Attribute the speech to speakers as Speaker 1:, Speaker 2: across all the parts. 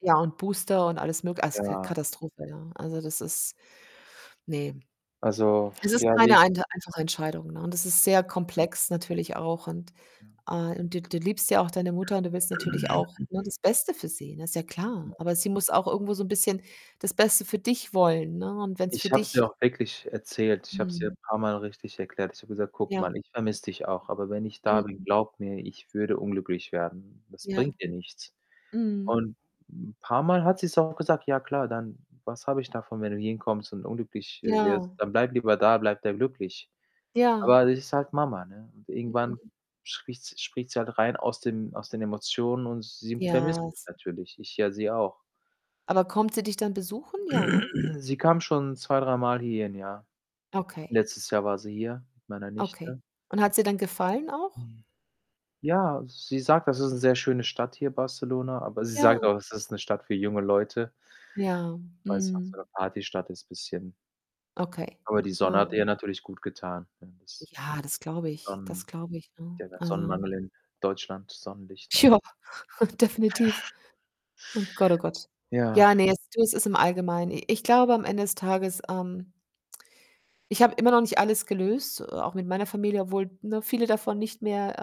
Speaker 1: Ja und Booster und alles mög also, K
Speaker 2: Ja.
Speaker 1: Katastrophe, ja.
Speaker 2: Was
Speaker 1: Also,
Speaker 2: ist
Speaker 1: das
Speaker 2: [unintelligible]
Speaker 1: ist, ne.
Speaker 2: Also,
Speaker 1: Es ist
Speaker 2: ja,
Speaker 1: keine
Speaker 2: wie
Speaker 1: einde einfache Entscheidung, ne, und das ist sehr
Speaker 2: Ja.
Speaker 1: komplex natürlich auch und,
Speaker 2: Ja.
Speaker 1: äh und du du liebst ja auch deine Mutter und du willst natürlich auch, ne, das Beste für sie, ne? Ist ja klar,
Speaker 2: [unintelligible]
Speaker 1: aber sie muss auch irgendwo so 'n bisschen das Beste für dich wollen, ne, und wenn's für
Speaker 2: Ich habe es ihr
Speaker 1: dich
Speaker 2: auch wirklich erzählt. Ich habe es ihr
Speaker 1: Mhm.
Speaker 2: paarmal richtig erklärt. Ich habe gesagt: „Guck
Speaker 1: Ja.
Speaker 2: mal, ich vermisse dich auch, aber wenn ich da bin,
Speaker 1: Mhm.
Speaker 2: glaube mir, ich würde unglücklich werden. Das
Speaker 1: Ja.
Speaker 2: bringt dir nichts.“
Speaker 1: Mhm.
Speaker 2: Und 'n paarmal hat sie's auch gesagt: „Ja klar, dann was habe ich davon, wenn du hierhin kommst und unglücklich, äh, wirst?
Speaker 1: Ja.
Speaker 2: Dann bleib lieber da, bleib da glücklich.“
Speaker 1: Ja.
Speaker 2: Aber das ist halt Mama, ne, und irgendwann
Speaker 1: Mhm.
Speaker 2: spricht s spricht sie halt rein aus dem aus den Emotionen und sie
Speaker 1: Ja,
Speaker 2: vermisst mich
Speaker 1: es
Speaker 2: natürlich. Ich ja sie auch.
Speaker 1: Aber kommt sie dich dann besuchen? Ja, ne?
Speaker 2: Sie kam schon zwei dreimal hierhin, ja.
Speaker 1: Okay.
Speaker 2: Letztes Jahr war sie hier mit meiner
Speaker 1: Okay.
Speaker 2: Nichte.
Speaker 1: Und hat's ihr denn gefallen auch?
Speaker 2: Ja, sie sagt, das ist 'ne sehr schöne Stadt hier, Barcelona, aber sie
Speaker 1: Ja.
Speaker 2: sagt auch, es ist 'ne Stadt für junge Leute
Speaker 1: Ja,
Speaker 2: weil's auch so
Speaker 1: mhm.
Speaker 2: 'ne Partystadt ist bisschen.
Speaker 1: Okay.
Speaker 2: Aber die Sonne hat
Speaker 1: Mhm.
Speaker 2: ihr natürlich gutgetan, ne? Das
Speaker 1: Ja, das glaube ich. Das
Speaker 2: Sonnen
Speaker 1: glaube ich, ne?
Speaker 2: ja, der
Speaker 1: Also
Speaker 2: Sonnenmangel in Deutschland, Sonnenlichtmangel.
Speaker 1: Jo, definitiv. Oh Gott, oh Gott.
Speaker 2: Ja.
Speaker 1: Ja, ne, es du, es ist im Allgemeinen. I ich glaube, am Ende des Tages, ähm ich habe immer noch nicht alles gelöst, äh, auch mit meiner Familie, obwohl, ne, viele davon nicht mehr,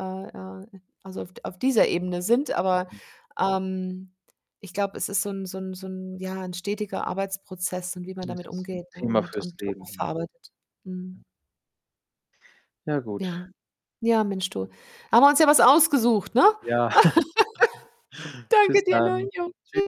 Speaker 1: äh, äh, äh also, auf d auf dieser Ebene sind, aber, ähm, ich glaube, es ist so 'n so 'n so 'n ja, 'n stetiger Arbeitsprozess und wie man
Speaker 2: Es
Speaker 1: damit
Speaker 2: ist 'n
Speaker 1: umgeht, ne,
Speaker 2: Thema
Speaker 1: und
Speaker 2: fürs
Speaker 1: und auch
Speaker 2: Leben, ja.
Speaker 1: verarbeitet.
Speaker 2: Ja.
Speaker 1: Mhm.
Speaker 2: Ja gut.
Speaker 1: Ja. Ja, Mensch du, haben wir uns ja was ausgesucht, ne?
Speaker 2: Ja, bis
Speaker 1: Danke dir, ne?
Speaker 2: dann.
Speaker 1: Jo,
Speaker 2: Tschü
Speaker 1: tschü